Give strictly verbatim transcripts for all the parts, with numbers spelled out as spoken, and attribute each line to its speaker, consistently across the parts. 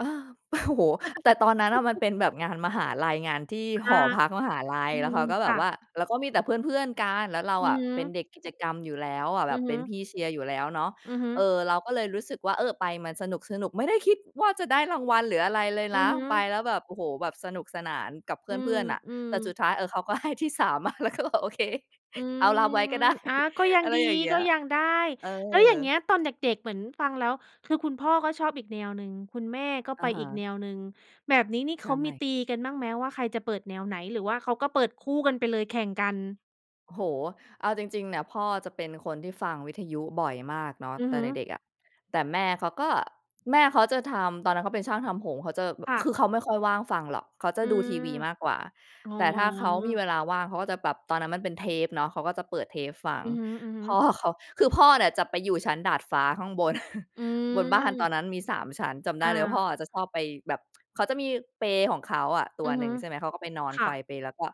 Speaker 1: อา โอ้โฮ แต่ตอนนั้นอะมันเป็นแบบงานมหาลัย งานที่
Speaker 2: ค
Speaker 1: ห
Speaker 2: ่ะ
Speaker 1: อพักมหาลั
Speaker 2: อ
Speaker 1: ย
Speaker 2: ื
Speaker 1: แล้วเ
Speaker 2: ม
Speaker 1: ขาก็
Speaker 2: ค
Speaker 1: แบ
Speaker 2: ่
Speaker 1: บว่
Speaker 2: ะ
Speaker 1: าแล้วก็มีแต่เพื่อน ๆ กัน แล้วเรา
Speaker 2: อื
Speaker 1: อ
Speaker 2: อ
Speaker 1: ะ
Speaker 2: ฮ
Speaker 1: เป็น
Speaker 2: ึ
Speaker 1: เด็กกิจกรรมอยู่แล้วอะ แ
Speaker 2: อ
Speaker 1: บ
Speaker 2: ื
Speaker 1: บ
Speaker 2: อ
Speaker 1: เ
Speaker 2: ฮ
Speaker 1: ป็
Speaker 2: ึ
Speaker 1: นพี่เชียร์อยู่แล้วเนาะ
Speaker 2: อือฮึ
Speaker 1: เออ เราก็เลยรู้สึกว่า เออ ไปมันสนุก ๆ ไม่ได้คิดว่าจะได้รางวัล หรืออะไรเลย
Speaker 2: อื
Speaker 1: น
Speaker 2: อ
Speaker 1: ะ
Speaker 2: ฮ
Speaker 1: ไป
Speaker 2: ึ
Speaker 1: แล้วแบบ โอ้โฮ แบบสนุกสนานกับเพ
Speaker 2: อื
Speaker 1: ื่อน ๆ น่ะ
Speaker 2: ม
Speaker 1: แต่ส
Speaker 2: ๆ
Speaker 1: ุดท้าย เออ เขาก็ ให้ที่ สาม มา เราก็บอกโอเค
Speaker 2: อื
Speaker 1: เอาร
Speaker 2: ม
Speaker 1: ับไว้ ก็ได้
Speaker 2: อา ก็ยัง
Speaker 1: อะไร
Speaker 2: ดี
Speaker 1: อย่างเงี
Speaker 2: ก
Speaker 1: ้
Speaker 2: ็
Speaker 1: ย
Speaker 2: ยังได้
Speaker 1: เอ
Speaker 2: แล้วอย่างเง
Speaker 1: อ
Speaker 2: ี้ยตอนเด็ก ๆ เหมือนฟังแล้ว คือคุณพ่อก็ชอบอีกแนวหนึ่ง คุณแม่ก็
Speaker 1: อ
Speaker 2: ไป
Speaker 1: ะฮ
Speaker 2: อีก
Speaker 1: ะ
Speaker 2: แนวหนึ่ง แบบนี้นี่
Speaker 1: ใช
Speaker 2: เขามี
Speaker 1: ่
Speaker 2: ตีกันบ้างไหม? ว่าใครจะเปิดแนวไหน หรือว่าเขาก็เปิดคู่กันไปเลยแข่งกัน?
Speaker 1: โอ้โฮ เอาจริง ๆ เนี่ย พ่อจะเป็นคนที่ฟังวิทยุบ่อยมากเนาะ
Speaker 2: อือ
Speaker 1: แต
Speaker 2: ฮ
Speaker 1: ่
Speaker 2: ึ
Speaker 1: เด็ก ๆ อะ แต่แม่เขาก็ แม่เขาจะทำ ตอนนั้นเขาเป็นช่างทำผม เขาจะแบ
Speaker 2: ค
Speaker 1: บ
Speaker 2: ่
Speaker 1: ค
Speaker 2: ะ
Speaker 1: ือเขาไม่ค่อยว่างฟังหรอก เขาจะ
Speaker 2: อื
Speaker 1: ดูที
Speaker 2: ม
Speaker 1: วีมากกว่า
Speaker 2: อ๋อ
Speaker 1: แต่ถ้าเขามีเวลาว่างเขาก็จะแบบ ตอนนั้นมันเป็นเทปเนาะ เขาก็จะเปิดเทปฟัง
Speaker 2: อือฮึ
Speaker 1: พ่อ
Speaker 2: ๆ
Speaker 1: เขา คือพ่อเนี่ยจะไปอยู่ชั้นดาดฟ้าข้างบน
Speaker 2: อื
Speaker 1: บนบ้านตอ
Speaker 2: ม
Speaker 1: นนั้นมี สาม ชั้น จำได
Speaker 2: อ
Speaker 1: ้เลยพ่อ
Speaker 2: า
Speaker 1: จะชอบไปแบบ เขาจะมีเปลของเขาอะตั
Speaker 2: อ
Speaker 1: ว
Speaker 2: ือ
Speaker 1: ห
Speaker 2: ฮ
Speaker 1: นึ
Speaker 2: ึ
Speaker 1: ่ง ใช่ไหม เขาก็ไปนอน
Speaker 2: ค
Speaker 1: ไ
Speaker 2: ่
Speaker 1: กว
Speaker 2: ะ
Speaker 1: เปล แล้วก็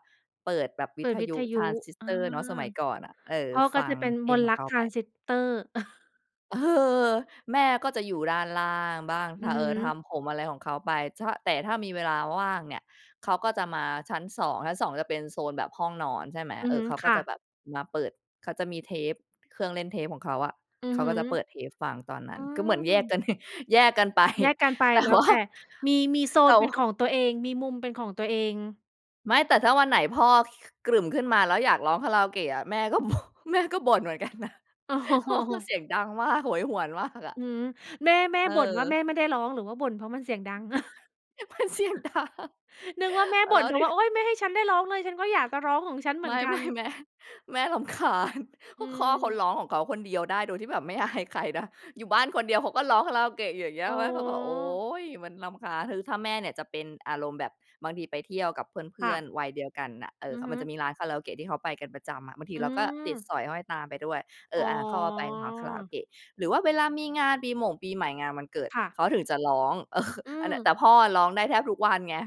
Speaker 1: เปิดแบบว
Speaker 2: เป
Speaker 1: ิ
Speaker 2: ิ
Speaker 1: ท
Speaker 2: ดวิ
Speaker 1: ยุ
Speaker 2: ทย
Speaker 1: ท
Speaker 2: ุ
Speaker 1: รานซิส
Speaker 2: อ
Speaker 1: เ
Speaker 2: า
Speaker 1: ตอร์เนาะ สมัยก่อนอะ เออ
Speaker 2: พ่อก
Speaker 1: ฟ
Speaker 2: ็
Speaker 1: ั
Speaker 2: จ
Speaker 1: ง
Speaker 2: ะเป็น
Speaker 1: เพ
Speaker 2: ม
Speaker 1: ลง
Speaker 2: นต
Speaker 1: ข
Speaker 2: ์ร
Speaker 1: อง
Speaker 2: ั
Speaker 1: เ
Speaker 2: ก
Speaker 1: ขา
Speaker 2: ทร
Speaker 1: ไป
Speaker 2: านซิสเตอร์
Speaker 1: เออ แม่ก็จะอยู่ด้านล่างบ้าง
Speaker 2: อือฮ
Speaker 1: เออ ท
Speaker 2: ึ
Speaker 1: ำผมอะไรของเขาไปชะ แต่ถ้ามีเวลาว่างเนี่ย เขาก็จะมาชั้น สอง ชั้น สอง จะเป็นโซนแบบห้องนอนใช่ไหม
Speaker 2: อื
Speaker 1: เ
Speaker 2: อ
Speaker 1: อ
Speaker 2: ฮ
Speaker 1: อ
Speaker 2: ึ
Speaker 1: เขาก
Speaker 2: ค
Speaker 1: ็
Speaker 2: ่
Speaker 1: จ
Speaker 2: ะ
Speaker 1: ะแบบมาเปิด เขาจะมีเทป เครื่องเล่นเทปของเขาอะ
Speaker 2: อื
Speaker 1: เ
Speaker 2: อ
Speaker 1: ขา
Speaker 2: ฮึ
Speaker 1: ก็จะเปิดเทปฟังตอนนั้
Speaker 2: อื
Speaker 1: น คือเหมือน แยกก
Speaker 2: ม
Speaker 1: ัน แยกกัน ไป
Speaker 2: แยกกันไป
Speaker 1: แต่
Speaker 2: แล้
Speaker 1: ว
Speaker 2: ว
Speaker 1: ่า
Speaker 2: แต่ มี มีโซ
Speaker 1: แต
Speaker 2: น
Speaker 1: ่
Speaker 2: เป็นข
Speaker 1: ว
Speaker 2: องตัวเอง มีมุมเป็นของตัวเอง
Speaker 1: ไม่ แต่ถ้าวันไหนพ่อ กรึ่มขึ้นมา แล้วอยากร้องคาราโอเกะอะ แม่ก็ แม่ก็บ่นเหมือน กันนะ
Speaker 2: อ๋
Speaker 1: พ่อก็
Speaker 2: อ
Speaker 1: เสียงดังมาก โหยหวนมากอ
Speaker 2: อื
Speaker 1: ะ
Speaker 2: อฮึ แม่ แม่
Speaker 1: เ
Speaker 2: บ่นว่า
Speaker 1: อ
Speaker 2: แ
Speaker 1: อ
Speaker 2: ม่ไม่ได้ร้อง หรือว่าบ่นเพราะมันเสียงดัง
Speaker 1: มันเสียงดัง
Speaker 2: นึกว่าแม่บ
Speaker 1: แล
Speaker 2: ่น
Speaker 1: ้
Speaker 2: เ
Speaker 1: ว
Speaker 2: พรา
Speaker 1: ดู
Speaker 2: ะว่า โอ๊ย ไม่ให้ฉันได้ร้องเลย ฉันก็อยากจะร้องของฉันเหม
Speaker 1: ไ
Speaker 2: ื
Speaker 1: ม
Speaker 2: อ
Speaker 1: ่
Speaker 2: นก
Speaker 1: ไ
Speaker 2: ั
Speaker 1: ม
Speaker 2: น
Speaker 1: ่ แม่ แม่รำคาญ ก
Speaker 2: อื
Speaker 1: ็พ่อเขา
Speaker 2: ม
Speaker 1: ร้องของเขาคนเดียวได้โดยที่แบบ ไม่ อายใครนะ อยู่บ้านคนเดียวเขาก็ร้องคาราโอเกะอยู่อย่างเงี้
Speaker 2: อ
Speaker 1: ย
Speaker 2: ๋อ
Speaker 1: แม่เขาก็โอ๊ย มันรำคาญ คือถ้าแม่เนี่ยจะเป็นอารมณ์แบบ บางทีไปเที่ยวกับเพ
Speaker 2: ค
Speaker 1: ื
Speaker 2: ่
Speaker 1: ่อน
Speaker 2: ะ
Speaker 1: ๆ วัยเดียวกันน่ะ เอ
Speaker 2: อื
Speaker 1: อ เข
Speaker 2: อ
Speaker 1: า
Speaker 2: ฮ
Speaker 1: ม
Speaker 2: ึ
Speaker 1: ันจะมีร้านคาราโอเกะที่เขาไปกันประจำอะ บางที
Speaker 2: อื
Speaker 1: เราก็ติด
Speaker 2: ม
Speaker 1: สอยห้อยตามไปด้วย เอ
Speaker 2: อ๋
Speaker 1: อ อ่า เขาก็ไปร้านคาราโอเ
Speaker 2: อ
Speaker 1: กะ หรือว่าเวลามีงานปีหม่งปีใหม่ งานวันเกิด
Speaker 2: ค่ะ
Speaker 1: เขาถึงจะร้อง เออ
Speaker 2: อื
Speaker 1: อันเนี่ย
Speaker 2: ม
Speaker 1: แต่พ่อร้องได้แทบทุกวันไง